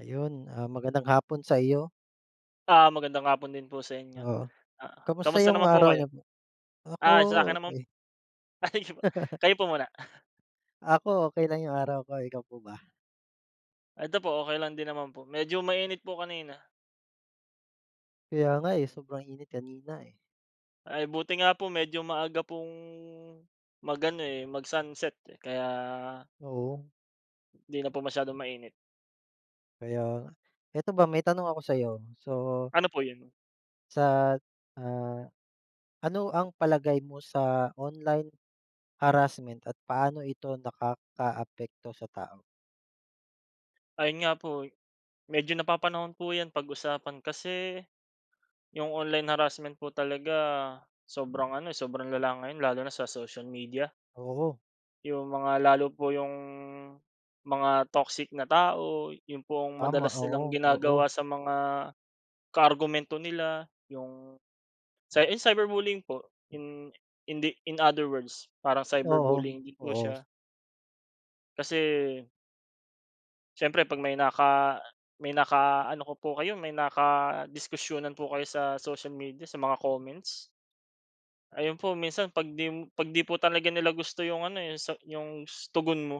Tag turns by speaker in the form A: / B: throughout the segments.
A: Ayun, ah, magandang hapon sa iyo.
B: Ah, magandang hapon din po sa inyo.
A: Oo.
B: Ah,
A: Kamusta
B: kumusta
A: yung
B: naman po
A: araw
B: kayo?
A: niyo po? Ako,
B: Ah, sa akin naman
A: okey.
B: ay sige po, kayo po muna.
A: Ako okey lang yung araw ko. Ikaw po ba?
B: Ito po, okey lang din naman po, medyo mainit po kanina.
A: Kaya nga, eh, sobrang init kanina, eh.
B: Ay buti nga po medyo maaga pong mag-ano, eh, mag-sunset, eh, kaya
A: Oo.
B: di na po masyadong mainit.
A: Kaya nga. 'Eto b,a may tanong ako sa'yo. So
B: Ano po 'yon?
A: sa, ah, ano ang palagay mo sa online harassment at paano ito nakakaapekto sa tao?
B: Ayun nga po, eh. Medyo napapanahon po 'yan pag-usapan kasi yung online harassment po talaga sobrang ano, sobrang lala ngayon lalo na sa social media.
A: Oo.
B: Yung mga lalo po yung mga toxic na tao, yun pong
A: Tama,
B: madalas nilang
A: oo, oo.
B: ginagawa sa mga kaargumento nila yung cy ah, cyberbullying po. Hin hindi in other words parang
A: Oo,
B: cyberbullying din po
A: oo.
B: siya. Kasi siyempre 'pag may naka may naka-ano ko po kayo, may nakadiskusyunan po kayo sa social media, sa mga comments ayun po minsan 'pag 'di 'pag 'di po talaga nila gusto 'yung ano, eh, sa 'yung sa 'yong tugon mo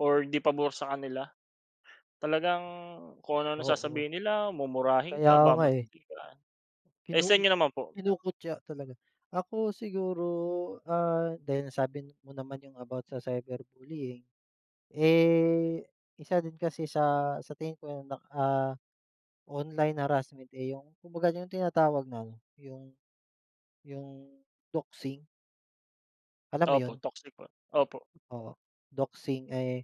B: or di pabor sa kanila talagang kung ano-ano ang
A: Oo.
B: sasabihin nila, mumurahin
A: Kaya
B: ka,
A: nga, eh.
B: babastusin ka. Eh,
A: Kinu
B: sa inyo naman po?
A: kinukutiya talaga. Ako siguro, ah, dahil nasabi mo naman yung about sa cyberbullying, eh, isa din kasi sa sa tingin ko na, ah, online harassment, eh, yung kumbaga yung tinatawag na ano, yung yung doxing. Alam mo
B: Opo,
A: yun?
B: toxic po, opo.
A: Oo. Doxing, eh,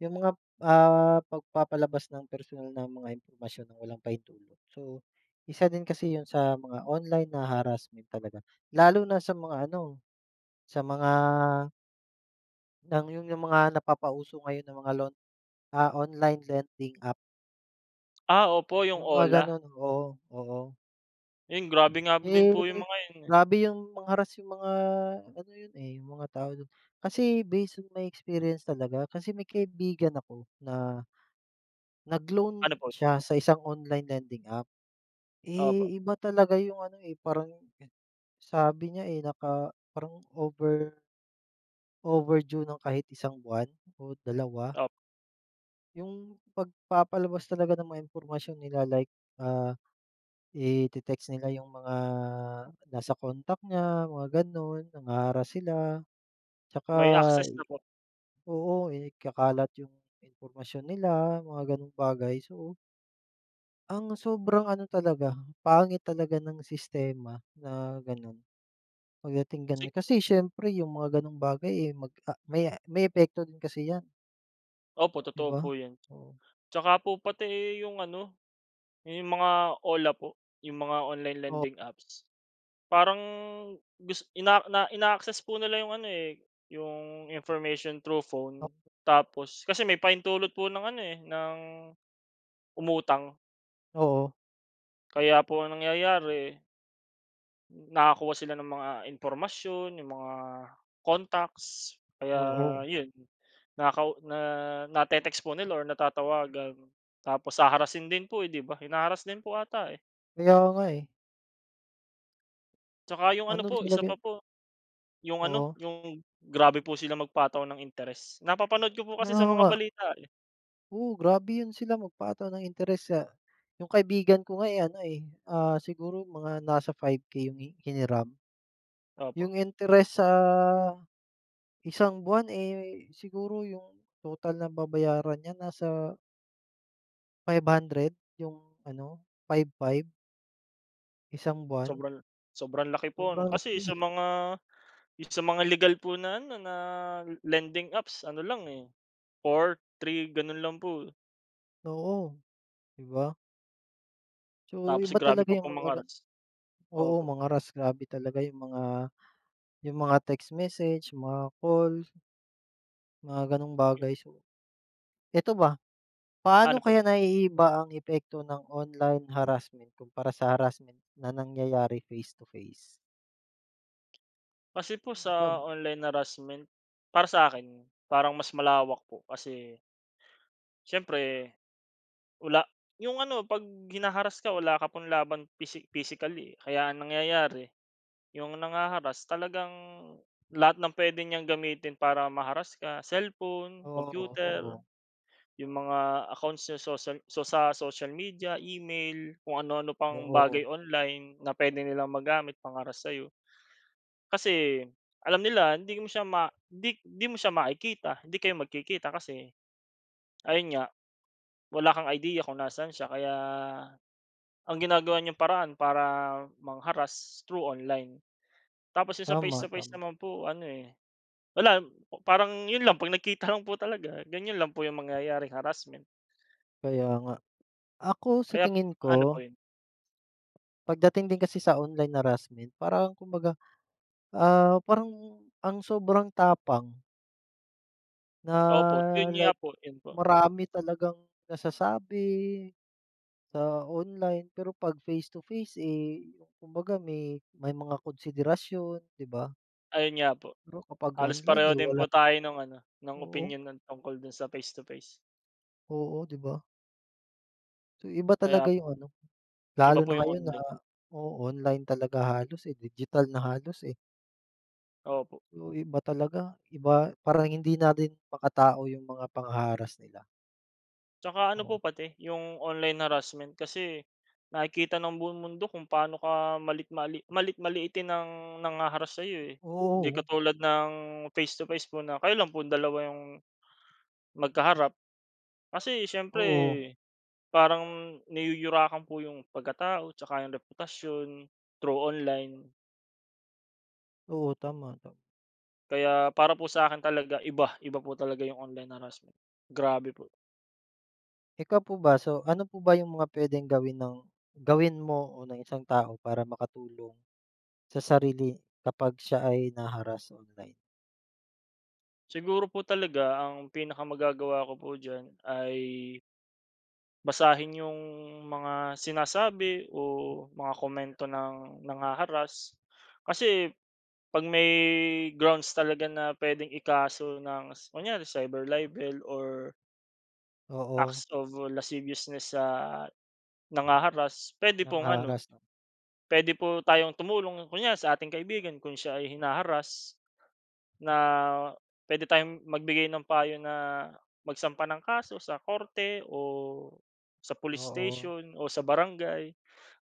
A: yung mga, ah, pagpapalabas ng personal na mga impormasyon ng walang pahintulot. So, isa din kasi yun sa mga online na harassment talaga lalo na sa mga ano, sa mga ng yung yung mga napapauso ngayon na mga loan ah, online lending app.
B: Ah, opo, yung
A: Yung mga
B: OLA.
A: ganun, oo, oo.
B: 'Yun grabe nga din
A: Eh,
B: po 'yung mga 'yon, eh.
A: grabe yung mang-harass yung mga ano yun, eh, yung mga tao dun. Kasi based on may experience talaga. Kasi may kaibigan ako na nag-loan
B: Ano po yun?
A: siya sa isang online lending app.
B: Opo.
A: Eh, iba talaga yung ano, eh, parang sabi niya, eh, naka parang over overdue ng kahit isang buwan o 2.
B: Op
A: 'Yong pagpapalabas talaga ng mga impormasyon nila like, ah, i-te-text nila 'yung mga nasa contact niya, mga gano'n, nangha-harass sila. Tsaka,
B: May access na po.
A: oo, ikakalat 'yung impormasyon nila, mga ganong bagay. So ang sobrang ano talaga, pangit talaga ng sistema na gano'n. Pagdating gano'n
B: Si
A: kasi siyempre yung mga gano'ng bagay, eh, mag, ah, may may epekto din kasi 'yan.
B: Opo,
A: 'Di
B: totoo
A: ba?
B: po 'yun.
A: Oo.
B: Tsaka po pati, eh, 'yung ano, 'yan 'yung mga OLA po, 'yung mga online
A: Oo.
B: lending apps. Parang gus ina na ina-access po nila 'yung ano, eh, 'yung information through phone
A: Oo.
B: tapos kasi may pahintulot po ng ano, eh, ng umutang.
A: Oo.
B: Kaya po ang nangyayari nakakuha sila ng mga impormasyon, 'yung mga contacts kaya
A: Oo.
B: 'yun, nakakau na na-te-text po nila or natatawagan tapos haharassin din po, eh, 'di ba? Hina-harass din po 'ata, eh.
A: Kaya nga, eh.
B: Tsaka yung ano
A: Ano
B: po,
A: talaga
B: isa pa
A: yung
B: po yung ano,
A: Oo.
B: yung grabe po silang magpataw ng interest. Napapanood ko po kasi sa
A: Oo
B: mga
A: nga.
B: balita, eh.
A: Oo, grabe yun sila magpataw ng interest sa yung kaibigan ko nga, eh, ano, eh, ah, siguro mga nasa 5K yung hi hiniram.
B: Opo.
A: Yung interest sa isang buwan, eh, siguro yung total na babayaran niya nasa 500. 'Yong ano, 5 5 isang buwan.
B: Sobrang sobrang laki po ano?
A: Sobrang
B: Kasi sa
A: laki.
B: mga sa mga legal po na ano, na lending apps ano lang, eh, 4, 3, ganun lang po.
A: Oo, 'di ba? So,
B: Tapos
A: iba
B: grabe
A: talaga
B: pa-pa
A: 'yong mga ga
B: mang-harass.
A: oo,
B: Opo.
A: mang-harass. Grabe talaga 'yong mga, 'yong mga text message, mga call, mga ganung bagay. So, eto ba, paano
B: Ano po 'yon?
A: kaya naiiba ang epekto ng online harassment, kumpara sa harassment na nangyayari face to face?
B: Kasi po sa
A: Pam
B: online harassment, para sa'kin, parang mas malawak po kasi siyempre, wala 'yong ano 'pag hina-harass ka wala ka pang laban physi physically eh, kaya ang nangyayari, 'yong nangha-harass talagang lahat ng puwede niyang gamitin para ma-harass ka, cellphone,
A: Oo,
B: computer,
A: oo.
B: 'yong mga accounts sa social, so sa social media, email, kung ano-ano pang bagay
A: Oo.
B: online, na puwede nilang magamit pang-harass sa'yo. Kasi, alam nila hindi mo siya ma 'di 'di mo siya makikita, hindi kayo magkikita, kasi, ayon nga, wala kang idea kung nasaan siya, kaya, ang ginagawa niyang paraan para mang-harass, through online. Tapos 'yong sa face
A: Tama,
B: to face
A: tama.
B: naman po, ano eh, wala, parang 'yon lang, 'pag nagkita lang po talaga, ganyan lang po 'yong mangyayaring harassment.
A: Kaya nga. Ako sa
B: Kaya't
A: tingin
B: ano
A: ko
B: po 'yon?
A: pagdating din kasi sa online harassment, parang kumbaga ah, parang ang sobrang tapang. Na,
B: Opo, 'yon nga
A: like
B: po, 'yon po.
A: marami talagang nasasabi, sa online, pero 'pag face to face eh, kumbaga may may mga konsiderasyon, 'di ba?
B: Ayon nga po.
A: Pero kapag
B: Halos
A: online
B: pareho
A: eh,
B: din po
A: wala.
B: tayo nong ano, ng
A: Oo.
B: opinyon no'n tungkol do'n sa face to face.
A: Oo, 'di ba? So iba
B: Kaya
A: talaga 'yong ano,
B: Iba
A: lalo
B: po
A: na
B: 'yong
A: ngayon na,
B: online.
A: o-online talaga halos eh, digital na halos eh.
B: Opo.
A: So iba talaga, iba parang hindi na din makatao 'yong mga pangha-harass nila.
B: Tsaka ano
A: Oh.
B: po pati, 'yong online harassment kasi, nakikita ng buong mundo kung pa'no ka malit mali maliit-maliitin ng nangha-harass sa'yo eh, Hindi
A: Oo.
B: katulad ng face to face po na, kayo lang pong dalawa 'yong, magkaharap. Kasi siyempre,
A: Oo.
B: parang niyuyurakan po 'yong pagkatao, tsaka 'yong reputasyon, through online.
A: Oo, tama ka.
B: Kaya para po sa akin talaga iba. Iba po talaga yung online harassment. Grabe po.
A: Ikaw po ba? So ano po ba yung mga pwedeng gawin ng gawin mo o ng isang tao para makatulong. Sa sarili, kapag siya ay na-harass online?
B: Siguro po talaga ang pinaka magagawa ko po diyan ay basahin iyong mga sinasabi, o mga komento ng nangha-harass. Kasi, pag may grounds talaga na pwedeng ikaso ng s kunyari cyber libel or
A: Oo.
B: acts of lasciviousness sa, nangha-harass. Pwede pong ano,
A: Nangha-harass 'no.
B: pwede po tayong tumulong, kunyari sa ating kaibigan kung siya ay hinaharass. Na pwede tayong magbigay ng payo na, magsampa ng kaso sa korte o sa police
A: Oo.
B: station, o sa barangay.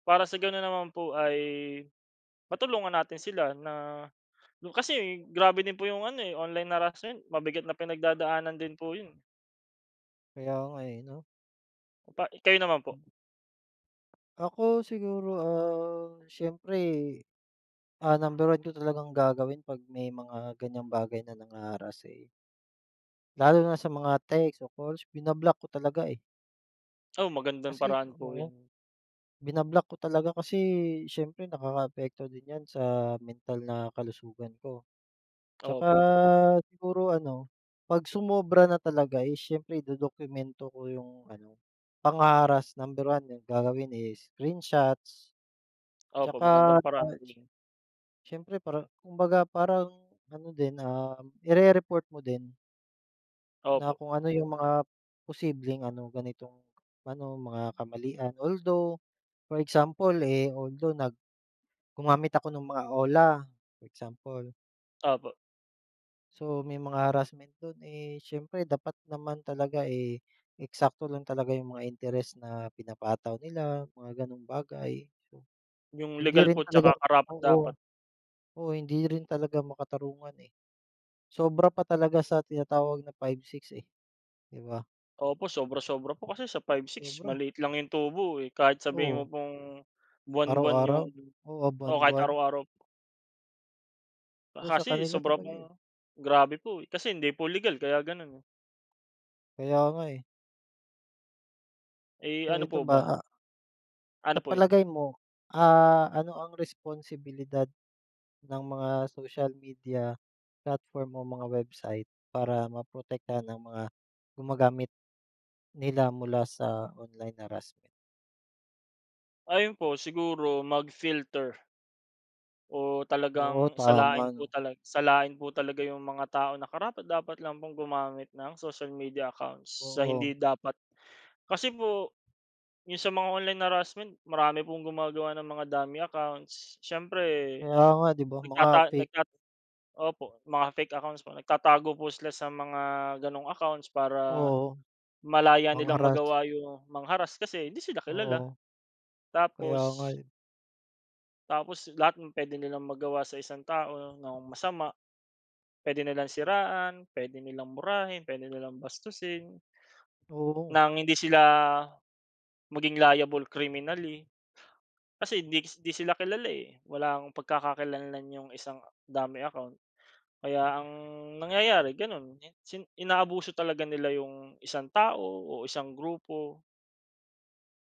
B: Para sa ganoon naman po ay, matulungan natin sila na kasi grabe din po yung ano eh, online harassment. Mabigat na pinagdadaanan din po iyon.
A: Kaya nga eh 'no?
B: Pa i kayo naman po.
A: Ako, siguro, ah, siyempre, ah, number 1 ko talagang gagawin pag may mga ganyang bagay na nangha-harass eh lalo na sa mga text o calls binablock ko talaga eh.
B: O, magandang
A: Kasi
B: paraan po
A: oo.
B: yan.
A: Binablock ko talaga kasi siyempre nakakaapekto din yan sa mental na kalusugan ko. At saka
B: Opo.
A: siguro ano, pag sumobra na talaga eh siyempre idodokumento ko yung ano, pangha-harass. Number 1 yun gagawin is screenshots. At
B: Opo,
A: saka
B: magandang paraan po
A: ats
B: yun.
A: siyempre parang kumbaga parang ano din, um, irereport mo din. Na
B: Opo.
A: kung ano 'yung mga posibleng ano ganitong ano mga kamalian. Although for example eh although nag gumamit ako 'nung mga OLA, example.
B: Opo.
A: So may mga harassment dun. Eh, siyempre dapat naman talaga eh, eksakto lang talaga yung mga interes na pinapataw nila mga ganoong bagay. So,
B: Yung
A: hindi
B: legal
A: rin
B: po at
A: talaga
B: saka
A: oo.
B: karapat-dapat.
A: Oo, hindi rin talaga makatarungan eh. Sobra pa talaga sa tinatawag na 5-6 eh. 'Di ba?
B: Opo, sobra-sobra po. Kasi sa 5-6
A: Sobra.
B: maliit lang yung tubo eh. Kahit sabihin mo
A: Oo.
B: pong buwan-buwan yung
A: Araw-araw. Oo, ah,
B: oo, kahit
A: buwan-buwan.
B: araw-araw. Ah,
A: Oh, sa
B: kasi
A: kanila
B: sobra
A: talaga yun
B: pong grabe po eh kasi hindi po legal kaya ganoon eh.
A: Kaya nga eh.
B: Eh
A: Ito
B: ano
A: ito
B: po
A: ba,
B: ba?
A: ah
B: Ano
A: Sa
B: po iyon?
A: palagay mo, ah, ano ang responsibilidad, ng mga social media platform o mga website para maprotektahan ang mga gumagamit, nila mula sa online harassment?
B: Ayun po. Siguro mag-filter o
A: Oo,
B: talagang salain
A: tama
B: po
A: 'no?
B: tala salain po talaga iyong mga tao na karapat-dapat lang pong gumamit ng social media accounts sa
A: Oo.
B: hindi dapat. Kasi po iyong sa mga online harassment, marami pong gumagawa ng mga dummy accounts. Siyempre,
A: Kaya nga 'di ba? Mga
B: nagtata
A: fake.
B: nagtat opo, mga fake accounts po. Nagtatago po sila sa mga ganoong accounts para,
A: Oo.
B: malaya nilang
A: Mang-harass.
B: magawa iyong mang-harass kasi hindi sila kilala.
A: Oo. Kaya nga
B: Tapos
A: eh.
B: tapos lahat m pwede nilang magawa sa isang tao nang masama. Pwede nilang siraan, pwede nilang murahin, pwede nilang bastusin
A: Oo.
B: nang hindi sila, maging liable criminally kasi hindiks hindi sila kilala eh. Walang pagkakakilanlan iyong isang dummy account. Kaya ang nangyayari ganoon. In sin inaabuso talaga nila iyong isang tao o isang grupo.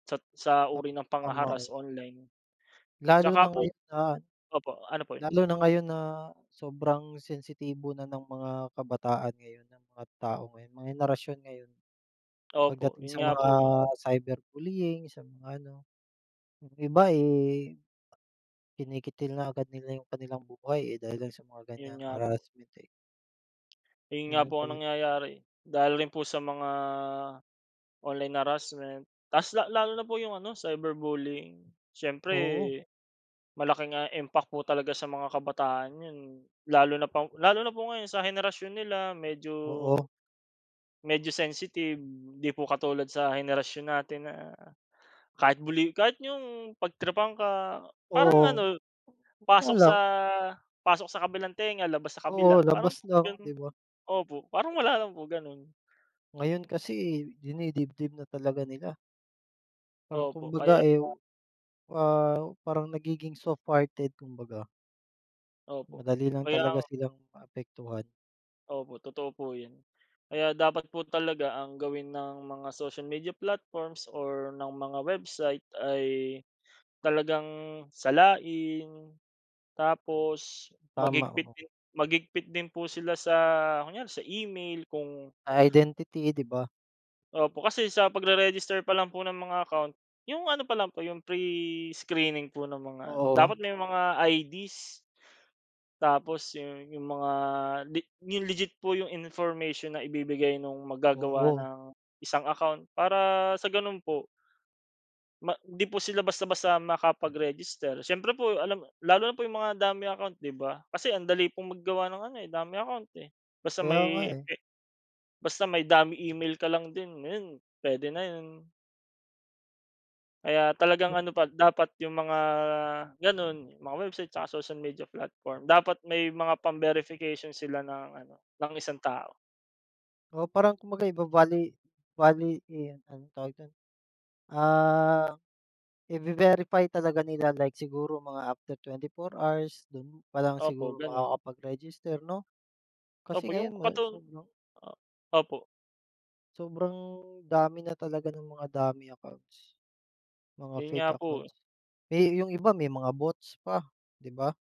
B: Sat sa
A: Pa
B: uri ng
A: tama
B: panghaharass
A: iyon.
B: online. At
A: Lalo
B: saka
A: na
B: po
A: ngayon na
B: opo, ano po yun?
A: lalo na ngayon na sobrang sensitibo na ng mga kabataan ngayon, ng mga tao ngayon, mga henerasyon ngayon.
B: Opo.
A: Pagdating
B: Iyon
A: sa
B: nga
A: mga
B: po eh.
A: cyber bullying, sa mga ano. Yung iba eh, kinikitil na agad nila yung kanilang buhay eh dahil lang sa mga
B: Iyon
A: ganyang
B: nga po.
A: harassment eh.
B: Eh, yun nga
A: Ganun
B: po ang
A: tayi
B: nangyayari. Dahil rin po sa mga online harassment. Tapos la lalo na po yung ano cyberbullying. Siyempre,
A: Oo.
B: malaking, ah, impact po talaga sa mga kabataan yun. Lalo na pang lalo na po ngayon sa henerasyon nila medyo
A: Oo.
B: medyo sensitive. 'Di po katulad sa henerasyon natin na, kahit bully kahit iyong pag-tripan ka. Parang
A: Oo.
B: ano,
A: Nga
B: pasok sa
A: lang.
B: pasok sa kabilang tenga labas sa kabila.
A: Oo,
B: Parang
A: labas lang
B: ganun
A: 'di ba?
B: opo. Parang wala lang po ganoon.
A: Ngayon kasi eh, dinidibdib na talaga nila. Parang
B: Opo. Kaya
A: kumbaga eh
B: nga
A: ah, parang nagiging softhearted kumbaga.
B: Opo.
A: Madali lang
B: Kaya
A: talaga
B: nga
A: silang maapektuhan.
B: Opo, totoo po yun. Kaya dapat po talaga ang gawin ng mga social media platforms or ng mga website, ay, talagang salain. Tapos,
A: Tama,
B: maghigpit
A: oo.
B: din maghigpit din po sila sa kunyari sa email kung
A: Identity 'di ba?
B: Opo, kasi sa pagre-register pa lang po ng mga account. Iyong ano pa lang po iyong pre-screening po ng mga ano,
A: Oo.
B: dapat may mga ID's. Tapos yung yung mga li yung legit po yung information na ibibigay nung mag-gagawa
A: Oo.
B: ng isang account para sa ganun po ma 'di po sila basta-basta makapag-register. Siyempre po alam lalo na po iyong mga dummy account 'di ba? Kasi ang dali pong mag-gawa ng ano eh dummy account eh. Basta
A: Kaya nga
B: may
A: eh.
B: e basta may dummy email ka lang din ngayon, pwede na iyon. Kaya talagang
A: [unintelligible]
B: ano pa dapat yung mga, ganoon mga website, at saka social media platform, dapat may mga pam-verification sila ng ano ng isang tao.
A: Oo, parang kumbaga iva-vali vali eh, ano tawag dun ah, ive-verify talaga nila like siguro mga after 24 hours dun pa lang
B: Opo,
A: siguro
B: ganun.
A: makakapag-register 'no? Kasi
B: Opo, iyong
A: ngayon wala
B: katu
A: sobrang
B: opo.
A: Sobrang dami na talaga ng mga dummy accounts. Mga
B: Yun
A: fake
B: nga po.
A: accounts. Eh yung iba may mga bots pa, 'di ba?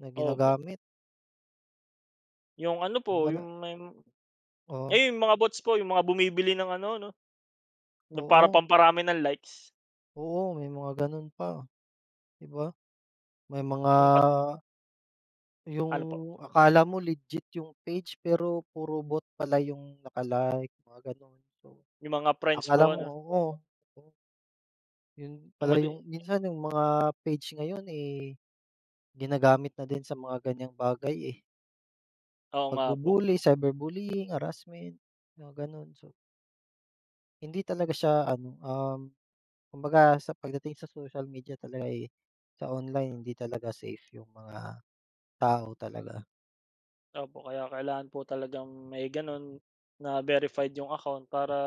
A: Na
B: Opo.
A: ginagamit.
B: Iyong ano
A: Iba
B: po
A: na.
B: iyong may m
A: Oo.
B: ay yung mga bots po yung mga bumibili ng ano 'no? Nung para
A: Oo.
B: pamparami ng likes.
A: Oo, may mga ganun pa. 'Di ba? May mga
B: Nung kat
A: yung
B: Ano po?
A: akala mo legit yung page pero puro bot pala yung naka-like, mga ganon. So
B: Yung mga friends
A: akala
B: po
A: mo
B: ano.
A: oo. Yun pala
B: Dumadi
A: yung minsan yung mga page ngayon eh, ginagamit na din sa mga ganyang bagay eh.
B: Oo nga po.
A: Pagbubully, cyberbullying, harassment, mga ganun so hindi talaga siya ano, um, kumbaga sa pagdating sa social media talaga ay sa online hindi talaga safe yung mga tao talaga.
B: Opo, kaya kailangan po talagang may ganoon na verified iyong account. Para,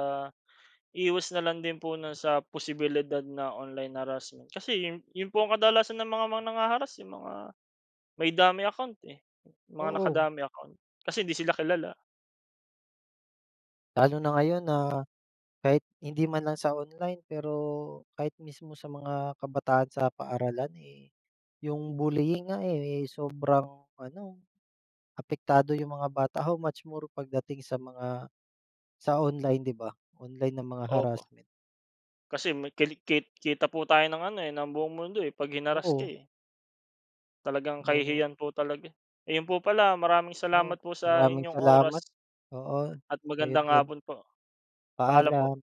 B: iwas na lang din po 'no sa posibilidad na online harassment. Kasi iyon, yung po ang kadalasan na mga mang nanghaharass iyong mga may dummy account eh. Mga
A: Oo.
B: naka-dummy account. Kasi hindi sila kilala.
A: Lalo na ngayon na, kahit hindi man lang sa online. Pero, kahit mismo sa mga kabataan sa paaralan eh. Yung bullying nga eh, sobrang ano, apektado iyong mga bata. How much more pagdating sa mga, sa online 'di ba? Online na mga
B: Opo.
A: harassment.
B: Kasi me kali ke kita po tayo ng ano eh ng buong mundo eh pag hinarass ka
A: Oo.
B: eh. Talagang
A: [unintelligible]
B: kahihiyan po talaga eh. Ayun po pala, maraming
A: O,
B: salamat po sa
A: maraming
B: inyong oras.
A: salamat. Oo.
B: At
A: Sa iyo
B: magandang
A: din.
B: hapon po. Paalam po.
A: Paalam.